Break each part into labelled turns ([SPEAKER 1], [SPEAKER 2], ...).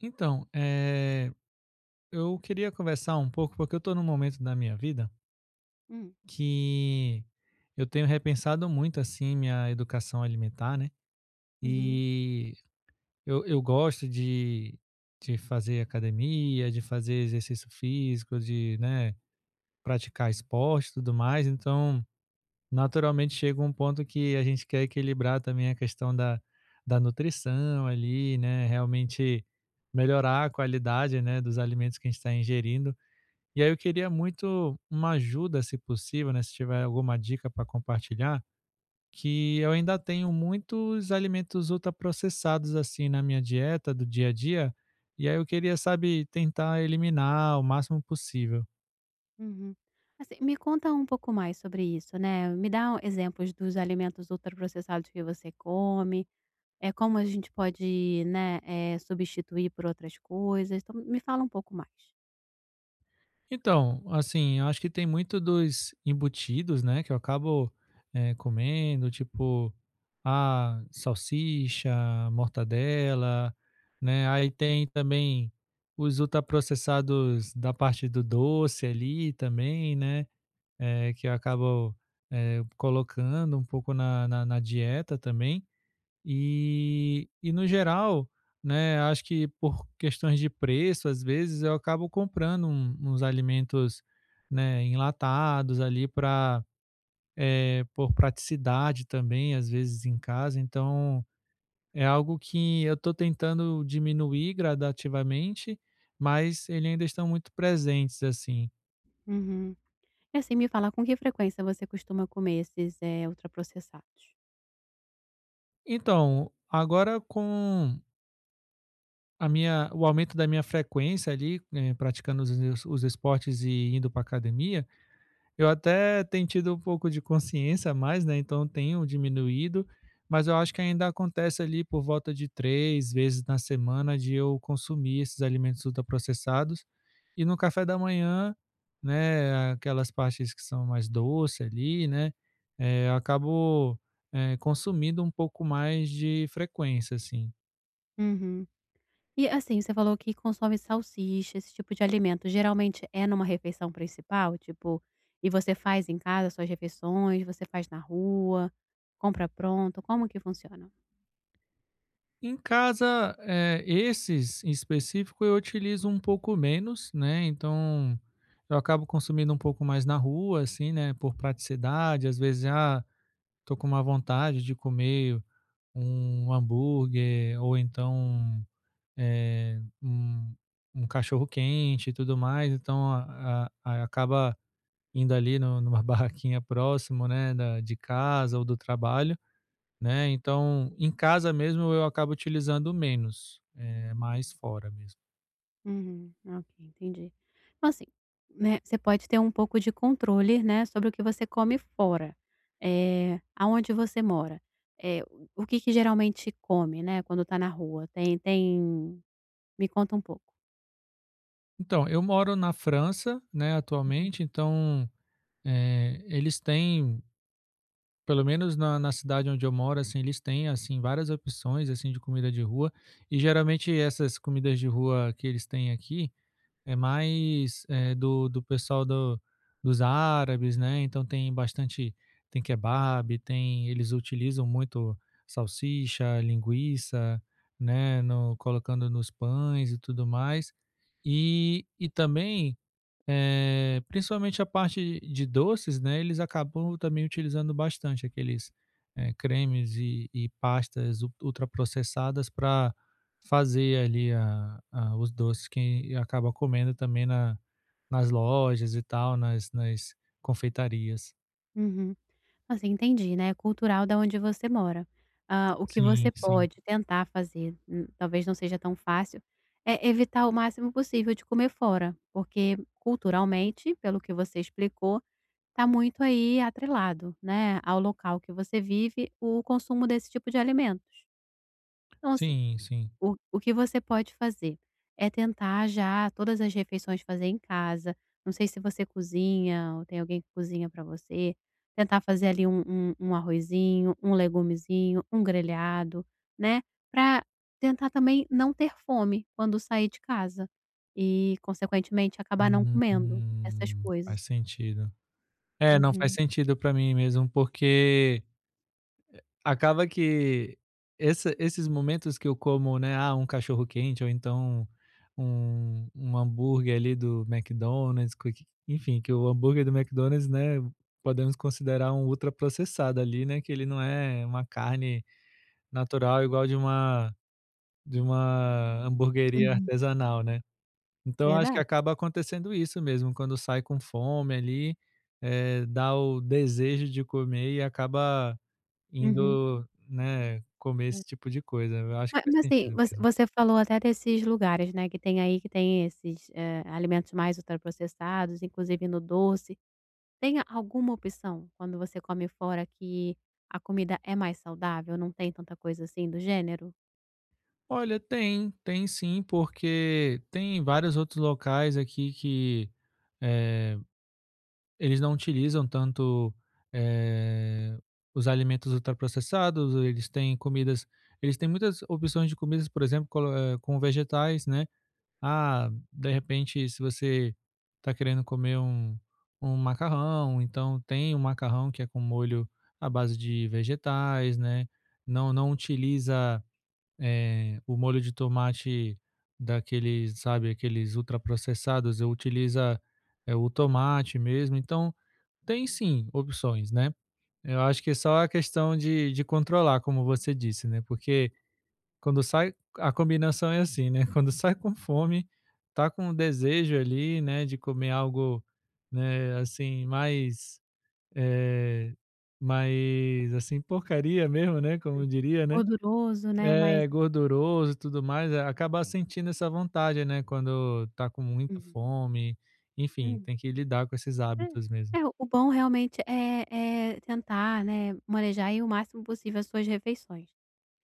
[SPEAKER 1] Então, eh, eu queria conversar um pouco, porque eu tô num momento da minha vida
[SPEAKER 2] Hum.
[SPEAKER 1] que eu tenho repensado muito, assim, minha educação alimentar, né,
[SPEAKER 2] Uhum.
[SPEAKER 1] e eu eu gosto de de fazer academia, de fazer exercício físico, de, né, praticar esporte e tudo mais, então naturalmente chega um ponto que a gente quer equilibrar também a questão da da nutrição ali, né, realmente melhorar a qualidade, né, dos alimentos que a gente tá ingerindo. E aí eu queria muito uma ajuda, se possível, né, se tiver alguma dica pra compartilhar, que eu ainda tenho muitos alimentos ultra processados, assim, na minha dieta do dia a dia, e aí eu queria, sabe, tentar eliminar o máximo possível.
[SPEAKER 2] Uhum. Assim, me conta um pouco mais sobre isso, né, me dá exemplos dos alimentos ultra processados que você come, eh, como a gente pode, né, eh, substituir por outras coisas, então me fala um pouco mais.
[SPEAKER 1] Então, assim, acho que tem muito dos embutidos, né, que eu acabo, eh, comendo, tipo, ah, salsicha, mortadela, né. Aí tem também os ultraprocessados da parte do doce ali também, né, eh, que eu acabo, eh, colocando um pouco na na na dieta também. E e no geral, né, acho que por questões de preço, às vezes eu acabo comprando um uns alimentos, né, enlatados ali pra, eh, por praticidade também, às vezes em casa. Então, é algo que eu tô tentando diminuir gradativamente, mas eles ainda estão muito presentes, assim.
[SPEAKER 2] Uhum. E assim, me fala com que frequência você costuma comer esses, eh, ultraprocessados?
[SPEAKER 1] Então, agora com a minha o aumento da minha frequência ali, eh, praticando os os esportes e indo para a academia, eu até tenho tido um pouco de consciência a mais, né, então tenho diminuído. Mas eu acho que ainda acontece ali por volta de 3 vezes na semana de eu consumir esses alimentos ultraprocessados. E no café da manhã, né, aquelas partes que são mais doce ali, né, eh, acabo, eh, consumindo um pouco mais de frequência, assim.
[SPEAKER 2] Uhum. E assim, você falou que consome salsicha, esse tipo de alimento, geralmente é numa refeição principal? Tipo, e você faz em casa suas refeições, você faz na rua, compra pronto, como que funciona?
[SPEAKER 1] Em casa, eh, esses, em específico, eu utilizo um pouco menos, né, então eu acabo consumindo um pouco mais na rua, assim, né, por praticidade. Às vezes, ah, tô com uma vontade de comer um hambúrguer ou então, eh, um um cachorro-quente e tudo mais. Então, a a acaba indo ali no numa barraquinha próximo, né, da de casa ou do trabalho, né, então em casa mesmo eu acabo utilizando menos, eh, mais fora mesmo.
[SPEAKER 2] Uhum, ok, entendi. Então, assim, né, você pode ter um pouco de controle, né, sobre o que você come fora. Eh, aonde você mora, eh, o que que geralmente come, né, quando tá na rua? Tem, tem me conta um pouco.
[SPEAKER 1] Então, eu moro na França, né,
[SPEAKER 2] Uhum.
[SPEAKER 1] atualmente, então, é, eles têm pelo menos na na cidade onde eu moro, assim, eles têm assim várias opções assim de comida de rua e geralmente essas comidas de rua que eles têm aqui é mais, é, do do pessoal do dos árabes, né, então tem bastante tem kebab, tem eles utilizam muito salsicha, linguiça, né, no colocando nos pães e tudo mais e e também, eh, principalmente a parte de doces, né, eles acabam também utilizando bastante aqueles, é, cremes e e pastas u ultra processadas pra fazer ali a a os doces que acaba comendo também na nas lojas e tal, nas nas confeitarias.
[SPEAKER 2] Uhum. Assim, entendi, né, é cultural da onde você mora, hã, o que você
[SPEAKER 1] Sim, sim.
[SPEAKER 2] pode tentar fazer, n talvez não seja tão fácil, é evitar o máximo possível de comer fora, porque culturalmente, pelo que você explicou, está muito aí atrelado, né, ao local que você vive o consumo desse tipo de alimentos, então assim,
[SPEAKER 1] Sim, sim.
[SPEAKER 2] o o que você pode fazer é tentar já todas as refeições fazer em casa, não sei se você cozinha ou tem alguém que cozinha pra você, tentar fazer ali um um um arrozinho, um legumezinho, um grelhado, né, pra tentar também não ter fome quando sair de casa e consequentemente acabar não comendo essas
[SPEAKER 1] Uhum,
[SPEAKER 2] coisas.
[SPEAKER 1] faz sentido. É, não, faz
[SPEAKER 2] Uhum.
[SPEAKER 1] sentido pra mim mesmo, porque acaba que essa esses momentos que eu como, né, ah, um cachorro-quente ou então um, um hambúrguer ali do McDonald's, que enfim, que o hambúrguer do McDonald's, né, podemos considerar um ultra processado ali, né, que ele não é uma carne natural igual de uma de uma hamburgueria
[SPEAKER 2] Uhum.
[SPEAKER 1] artesanal, né, então acho que
[SPEAKER 2] Verdade.
[SPEAKER 1] acaba acontecendo isso mesmo, quando sai com fome ali, eh, dá o desejo de comer e acaba
[SPEAKER 2] Uhum.
[SPEAKER 1] indo, né, comer
[SPEAKER 2] É.
[SPEAKER 1] esse tipo de coisa, eu acho
[SPEAKER 2] Ma
[SPEAKER 1] que faz
[SPEAKER 2] mas assim,
[SPEAKER 1] sentido
[SPEAKER 2] voc
[SPEAKER 1] mesmo.
[SPEAKER 2] você falou até desses lugares, né, que tem aí, que tem esses, eh, alimentos mais ultra processados, inclusive no doce. Tem a alguma opção quando você come fora que a comida é mais saudável, não tem tanta coisa assim do gênero?
[SPEAKER 1] Olha, tem, tem sim, porque tem vários outros locais aqui que, eh, eles não utilizam tanto, eh, os alimentos ultraprocessados, eles têm comidas eles têm muitas opções de comidas, por exemplo, colo é, com vegetais, né. Ah, de repente, se você está querendo comer um um macarrão, então tem o macarrão que é com molho à base de vegetais, né. Não não utiliza, eh, o molho de tomate daqueles, sabe, aqueles ultraprocessados, utiliza, é o tomate mesmo. Então, tem sim opções, né. Eu acho que é só a questão de de controlar, como você disse, né. Porque quando sai, a combinação é assim, né, quando sai com fome, está com desejo ali, né, de comer algo, né, assim, mais, eh, mais assim porcaria mesmo, né, como
[SPEAKER 2] [unintelligible]
[SPEAKER 1] diria, né.
[SPEAKER 2] gorduroso, né, mas
[SPEAKER 1] É, gorduroso e tudo mais, acaba sentindo essa vontade, né, quando está com muita
[SPEAKER 2] Uhum.
[SPEAKER 1] fome. Enfim,
[SPEAKER 2] Hum.
[SPEAKER 1] tem que lidar com esses hábitos mesmo.
[SPEAKER 2] É, é o bom realmente é é tentar, né, manejar aí o máximo possível as suas refeições.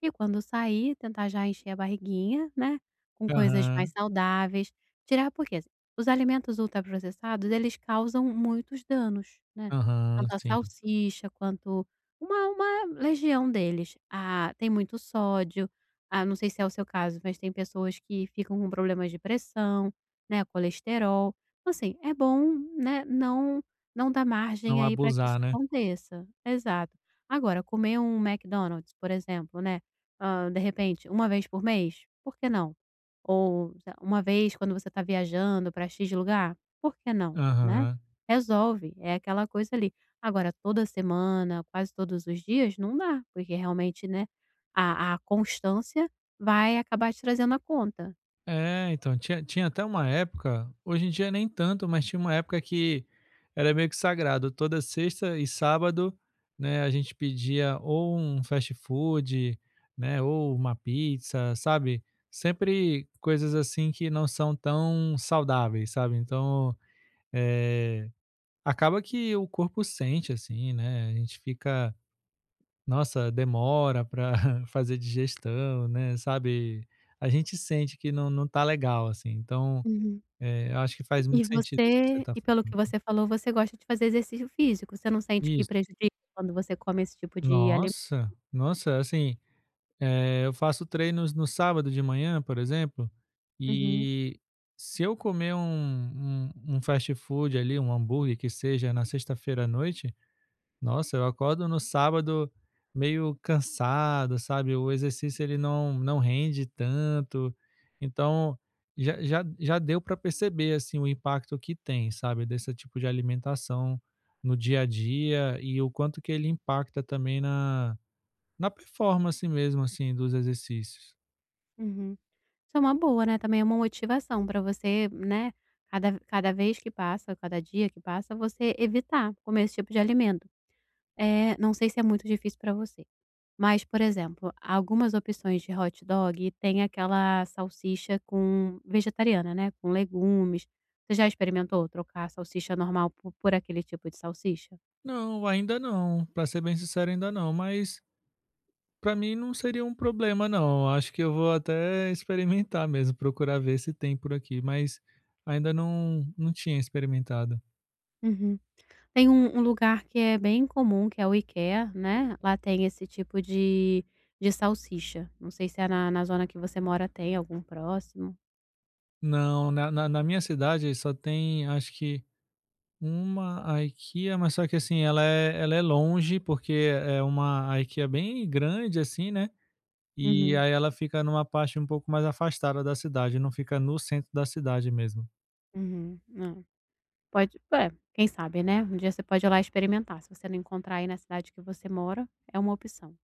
[SPEAKER 2] E quando sair, tentar já encher a barriguinha, né, com coisas mais
[SPEAKER 1] Aham.
[SPEAKER 2] saudáveis. Tirar porque os alimentos ultraprocessados, eles causam muitos danos, né,
[SPEAKER 1] Aham,
[SPEAKER 2] tanto a
[SPEAKER 1] sim.
[SPEAKER 2] salsicha quanto uma uma legião deles. Ah, tem muito sódio, ah, não sei se é o seu caso, mas tem pessoas que ficam com problemas de pressão, né, colesterol. Então assim, é bom, né, não não dar margem
[SPEAKER 1] Não
[SPEAKER 2] aí para que isso
[SPEAKER 1] abusar, né.
[SPEAKER 2] aconteça. Exato. Agora, comer um McDonald's, por exemplo, né, hã, de repente, 1 vez por mês, por que não? Ou, sei lá, uma vez quando você está viajando pra X lugar, por que não, né.
[SPEAKER 1] Aham.
[SPEAKER 2] Resolve, é aquela coisa ali. Agora, toda semana, quase todos os dias, não dá, porque realmente, né, a a constância vai acabar te trazendo a conta.
[SPEAKER 1] É, então, tinha tinha até uma época, hoje em dia nem tanto, mas tinha uma época que era meio que sagrado, toda sexta e sábado, né, a gente pedia ou um fast-food, né, ou uma pizza, sabe, sempre coisas assim que não são tão saudáveis, sabe, então, eh, acaba que o corpo sente assim, né, a gente fica, nossa, demora para fazer digestão, né, sabe, a gente sente que não não está legal, assim, então,
[SPEAKER 2] Uhum,
[SPEAKER 1] eh, eu acho que faz
[SPEAKER 2] e
[SPEAKER 1] muito sentido isso que você
[SPEAKER 2] você,
[SPEAKER 1] está
[SPEAKER 2] e
[SPEAKER 1] falando.
[SPEAKER 2] pelo que você falou, você gosta de fazer exercício físico, você não sente que
[SPEAKER 1] Isso.
[SPEAKER 2] prejudica quando você come esse tipo de alimento?
[SPEAKER 1] Nossa! Nossa, assim, é, eu faço treinos no sábado de manhã, por exemplo,
[SPEAKER 2] Uhum.
[SPEAKER 1] e se eu comer um um um fast-food ali, um hambúrguer que seja, na sexta-feira à noite, nossa, eu acordo no sábado meio cansado, sabe, o exercício ele não, não rende tanto, então, já já já deu para perceber assim o impacto que tem, sabe, desse tipo de alimentação no dia a dia e o quanto que ele impacta também na na performance mesmo, assim, dos exercícios.
[SPEAKER 2] Uhum. Isso é uma boa, né, também é uma motivação pra você, né, cada ve cada vez que passa, cada dia que passa, você evitar comer esse tipo de alimento. Eh, não sei se é muito difícil pra você, mas por exemplo, algumas opções de hot dog, eh, têm aquela salsicha com vegetariana, né, com legumes. Você já experimentou ,trocar a salsicha normal po por aquele tipo de salsicha?
[SPEAKER 1] Não, ainda não. Pra ser bem sincero, ainda não, mas pra mim não seria um problema, não. Acho que eu vou até experimentar mesmo, procurar ver se tem por aqui, mas ainda não não tinha experimentado.
[SPEAKER 2] Uhum. Tem um um lugar que é bem comum, que é o IKEA, né, lá tem esse tipo de de salsicha. Não sei, se, eh, na na zona que você mora tem algum próximo?
[SPEAKER 1] Não, na na na minha cidade só tem acho que, 1 IKEA, mas só que, assim, ela é ela é longe, porque é uma IKEA, bem grande, assim, né. E
[SPEAKER 2] Uhum.
[SPEAKER 1] aí, ela fica numa parte um pouco mais afastada da cidade, não fica no centro da cidade mesmo.
[SPEAKER 2] Uhum. Não. Pode, é, quem sabe, né. Um dia você pode ir lá experimentar. Se você não encontrar aí na cidade que você mora, é uma opção.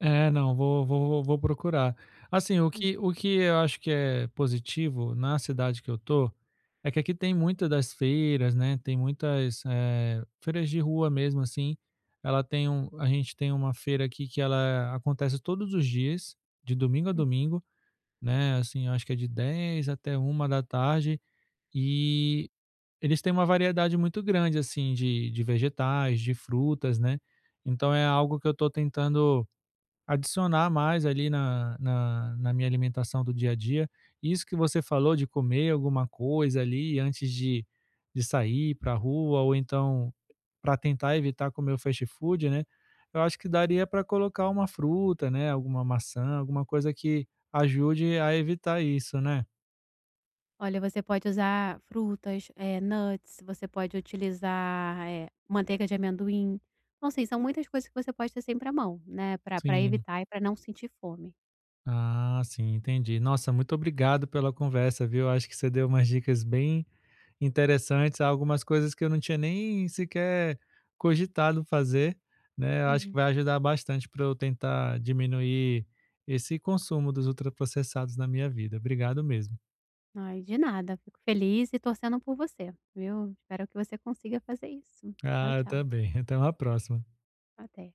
[SPEAKER 1] É, não, vou vou vou procurar. Assim, o
[SPEAKER 2] Hum.
[SPEAKER 1] que o que eu acho que é positivo na cidade que eu tô, é que aqui tem muito das feiras, né. Tem muitas, eh, feiras de rua mesmo, assim. Ela tem um a gente tem uma feira aqui que ela acontece todos os dias, de domingo a
[SPEAKER 2] Uhum.
[SPEAKER 1] domingo, né. Assim, acho que é de 10:00 até 13:00. E eles têm uma variedade muito grande, assim de de vegetais, de frutas, né. Então é algo que eu tô tentando adicionar mais ali na na na minha alimentação do dia a dia. Isso que você falou de comer alguma coisa ali antes de de sair pra rua ou então pra tentar evitar comer o fast-food, né. Eu acho que daria pra colocar uma fruta, né, alguma maçã, alguma coisa que ajude a evitar isso, né.
[SPEAKER 2] Olha, você pode usar frutas, eh, nuts, você pode utilizar, eh, manteiga de amendoim. Então, assim, são muitas coisas que você pode ter sempre à mão, né, pra pra
[SPEAKER 1] Sim.
[SPEAKER 2] evitar e pra não sentir fome.
[SPEAKER 1] Ah, sim, entendi. Nossa, muito obrigado pela conversa, viu. Acho que você deu umas dicas bem interessantes, algumas coisas que eu não tinha nem sequer cogitado fazer, né. Eu acho que
[SPEAKER 2] Uhum.
[SPEAKER 1] vai ajudar bastante pra eu tentar diminuir esse consumo dos ultraprocessados na minha vida. Obrigado mesmo.
[SPEAKER 2] Ai, de nada. Fico feliz e torcendo por você, viu. Espero que você consiga fazer isso. Tchau,
[SPEAKER 1] Ah, eu
[SPEAKER 2] tchau.
[SPEAKER 1] também. Até uma próxima.
[SPEAKER 2] Até.